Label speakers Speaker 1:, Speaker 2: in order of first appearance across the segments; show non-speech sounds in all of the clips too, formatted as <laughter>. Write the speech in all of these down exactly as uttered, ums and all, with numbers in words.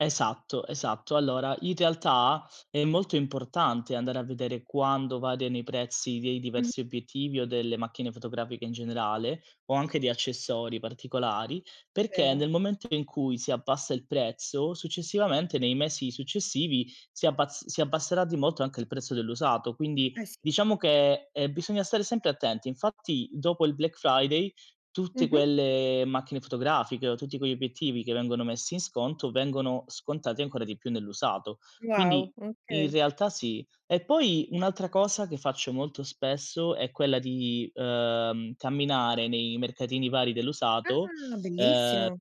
Speaker 1: Esatto, esatto. Allora, in realtà, è molto importante andare a vedere quando variano i prezzi dei
Speaker 2: M
Speaker 1: diversi obiettivi o delle macchine fotografiche in generale, o anche di accessori particolari, perché
Speaker 2: Vero.
Speaker 1: nel momento in cui, si abbassa il prezzo, successivamente, nei mesi successivi, si abbaz si abbasserà di molto, anche il prezzo dell'usato. Quindi,
Speaker 2: Eh, sì.
Speaker 1: diciamo che, ehm, bisogna stare sempre attenti. Infatti, dopo il Black Friday, tutte
Speaker 2: Mh-mh.
Speaker 1: quelle macchine fotografiche o tutti quegli obiettivi che vengono messi in sconto, vengono scontati ancora di più nell'usato.
Speaker 2: Wow.
Speaker 1: Quindi, in
Speaker 2: Okay.
Speaker 1: realtà, sì. E poi, un'altra cosa che faccio molto spesso, è quella di, uhm, camminare nei mercatini vari dell'usato,
Speaker 2: Ah,
Speaker 1: ehm
Speaker 2: bellissimo!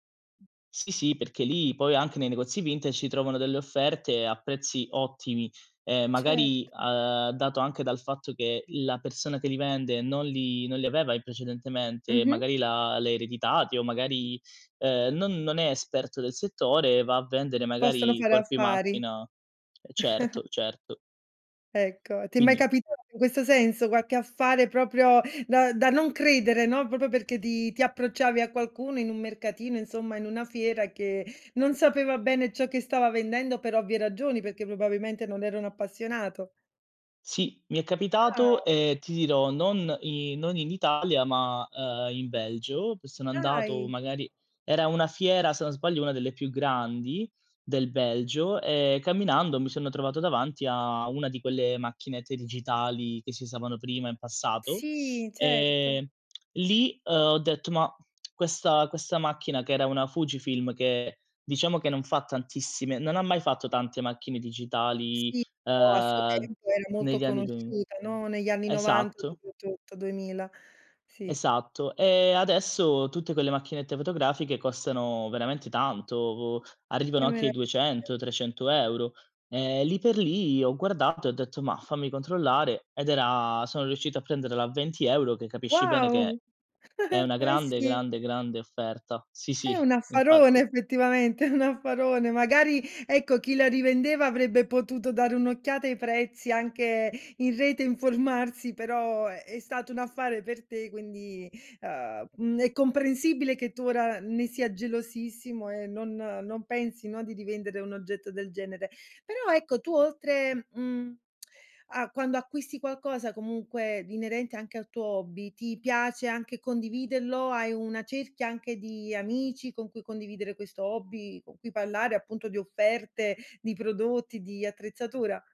Speaker 1: Sì, sì, perché lì poi, anche nei negozi vintage, si trovano delle offerte a prezzi ottimi. Ehm,
Speaker 2: Cert
Speaker 1: magari, uhm, dato anche dal fatto che, l la persona che li vende, non li non li aveva in precedentemente,
Speaker 2: Mh-mh.
Speaker 1: magari l'ha l'ha ereditati, o magari, ehm, non non è esperto del settore, va a vendere,
Speaker 2: Possono
Speaker 1: magari, i
Speaker 2: fare
Speaker 1: corpi
Speaker 2: affari.
Speaker 1: macchina ehm, certo,
Speaker 2: <chuckles>
Speaker 1: certo.
Speaker 2: Ecco, ti è mai
Speaker 1: Quindi
Speaker 2: capitato in questo senso? quacche affare proprio, da da non credere, no, propro perché ti ti approcciavi a qualcuno in un mercatino, insomma, in una fiera, che non sapeva bene ciò che stava vendendo, per ovvie ragioni, perché, probabilmente, non era un appassionato.
Speaker 1: Sì, mi è capitato
Speaker 2: Ah.
Speaker 1: e, ti dirò, non i non in Italia, ma, uhm, in Belgio, che sono andato,
Speaker 2: Dai!
Speaker 1: magari era una fiera, se non sbaglio, una delle più grandi del Belgio. Ehm, camminando, mi sono trovato davanti a una di quelle macchinette digitali, che si usavano prima in passato.
Speaker 2: Sì, certo.
Speaker 1: Ehm, lì, uhm, ho detto ma questa questa macchina, che era una Fujifilm che, diciamo che non fa tantissime non ha mai fatto tante macchine digitali,
Speaker 2: Sì, però a suo
Speaker 1: uhm,
Speaker 2: tempo era molto
Speaker 1: negli anni duemi
Speaker 2: conosciuta, no, negli anni novanta
Speaker 1: esatto
Speaker 2: soprattutto, duemila. Sì.
Speaker 1: Esatto. E adesso tutte quelle macchinette fotografiche costano veramente tanto, arrivano
Speaker 2: Che
Speaker 1: anche ai
Speaker 2: meraviglia.
Speaker 1: duecento, trecento euro. Ehm, lì per lì, ho guardato e ho detto: "Mah! Fammi controllare." Ed era sono riuscito prenderla a venti euro, che capisci bene che è
Speaker 2: Wow!
Speaker 1: è
Speaker 2: <giggles>
Speaker 1: una
Speaker 2: Eh,
Speaker 1: grande,
Speaker 2: sì.
Speaker 1: grande, grande offerta sì,
Speaker 2: È
Speaker 1: sì,
Speaker 2: un affarone
Speaker 1: infatti.
Speaker 2: effettivamente, è un affarone. Magari, ecco, chi la rivendeva, avrebbe potuto dare un'occhiata ai prezzi anche in rete informarsi. Però, è è stato un affare per te. Quindi, uhm, mhmm, è comprensibile che tu, ora n ne sia gelosissimo e non non pensi, no, di rivendere un oggetto del genere. Però, ecco, tu oltre, mhmm, a quando acquisti qualcosa, comunque, di inerente anche al tuo hobby, ti piace anche condividello? Hai una cerchia anche di amici, con cui condividere questo hobby, con cui parlare appunto di offerte, di prodotti, di attrezzatura?